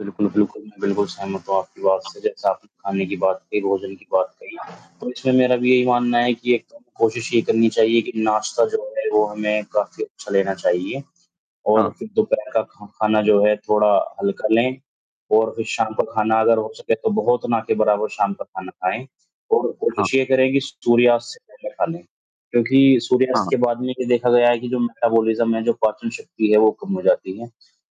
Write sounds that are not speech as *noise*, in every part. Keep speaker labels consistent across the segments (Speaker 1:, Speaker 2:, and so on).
Speaker 1: बिल्कुल, बिल्कुल, मैं बिल्कुल सहमत हूँ आपकी बात से। जैसे आपने खाने की बात कही, भोजन की बात कही, तो इसमें मेरा भी यही मानना है कि एक तो हमें कोशिश ये करनी चाहिए कि नाश्ता जो है वो हमें काफ़ी अच्छा लेना चाहिए। और
Speaker 2: हाँ।
Speaker 1: फिर दोपहर का खा खाना जो है थोड़ा हल्का लें, और फिर शाम का खाना अगर हो सके तो बहुत ना के बराबर शाम का खाना खाएँ। और
Speaker 2: हाँ।
Speaker 1: कोशिश ये करें कि सूर्यास्त से पहले खालें, क्योंकि
Speaker 2: हाँ,
Speaker 1: सूर्यास्त
Speaker 2: हाँ।
Speaker 1: के बाद में ये देखा गया है कि जो मेटाबॉलिज़्म है, जो पाचन शक्ति है वो कम हो जाती हैं।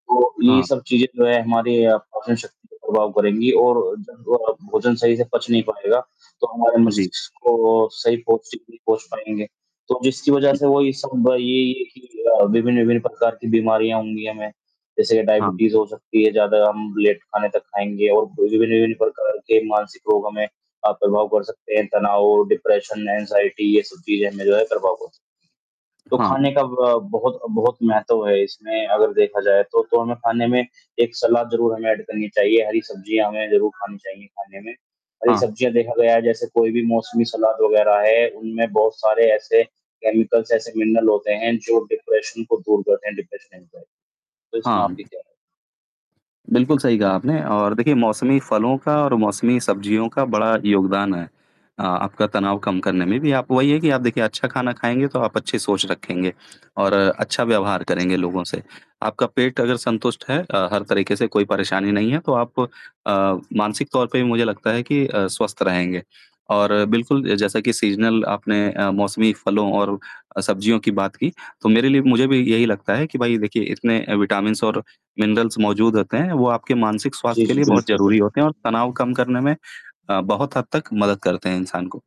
Speaker 1: तो ये
Speaker 2: हाँ।
Speaker 1: सब चीज़ें जो हैं हमारे अ, पाचन शक्ति को प्रभाव करेंगी और जब वो अ, भोजन सही से पच नहीं पाएगा, तो हमारे
Speaker 2: हाँ जी।
Speaker 1: मस्तिष्क को सही पौष्टिक नहीं पहुँच पाएँगे। तो जिसकी वजह
Speaker 2: जी।
Speaker 1: से वो ये सब ये, ये कि अ, विभिन्न-विभिन्न प्रकार की बीमारियाँ होंगी हमें। जैसे
Speaker 2: हाँ।
Speaker 1: डायबिटीज़ हो सकती है ज़्यादा हम लेट खाने तक खाएँगे और *unintelligible* प्रकार के मानसिक रोग हमें अ, प्रभाव कर सकते हैं। तनाव, डिप्रेशन, एंग्जायटी ये सब चीज़ें हमें जो है प्रभाव कर सकती हैं। तो
Speaker 2: हाँ।
Speaker 1: खाने का ब बहुत, बहुत महत्व है इसमें अगर देखा जाए तो। तो हमें खाने में एक सलाद ज़रूर हमें ऐड करनी चाहिए, हरी सब्ज़ियाँ हमें ज़रूर खानी चाहिए खाने में। हरी
Speaker 2: हाँ।
Speaker 1: सब्ज़ियाँ देखा गया है जैसे कोई भी मौसमी सलाद वग़ैरह है उनमें बहुत सारे ऐसे केमिकल्स ऐसे मिनरल होते हैं जो डिप्रेशन को दूर करते हैं डिप्रेशन *unintelligible* तो इसमें
Speaker 2: हाँ।
Speaker 1: आपकी क्या
Speaker 2: बिल्कुल सही कहा आपने और देखिए मौसमी फलों का और मौसमी सब्जियों का बड़ा योगदान है, अ, आपका तनाव कम करने में भी। आप वही हैं कि आप देखिए अच्छा खाना खाएँगे तो आप अच्छे सोच रखेंगे और अच्छा व्यवहार करेंगे लोगों से। आपका पेट अगर संतुष्ट है अ, हर तरीके से कोई परेशानी नहीं है, तो आप अ, मानसिक तौर पे भी मुझे लगता है कि अ, स्वस्थ रहेंगे। और बिल्कुल अ, जैसा कि सीज़नल आपने अ, मौसमी फलों और अ, सब्जियों की बात की, तो मेरे लिए मुझे भी यही लगता है कि भाई देखिए इतने अ, विटामिन्स और मिनरल्स मौजूद होते हैं वो आपके मानसिक स्वास्थ्य
Speaker 1: जी,
Speaker 2: के
Speaker 1: जी,
Speaker 2: लिए बहुत
Speaker 1: बिल्कुल,
Speaker 2: ज़रूरी होते हैं
Speaker 1: बिल्कुल।
Speaker 2: और तनाव कम करने में अ, बहुत हद तक मदद करते हैं इंसान को।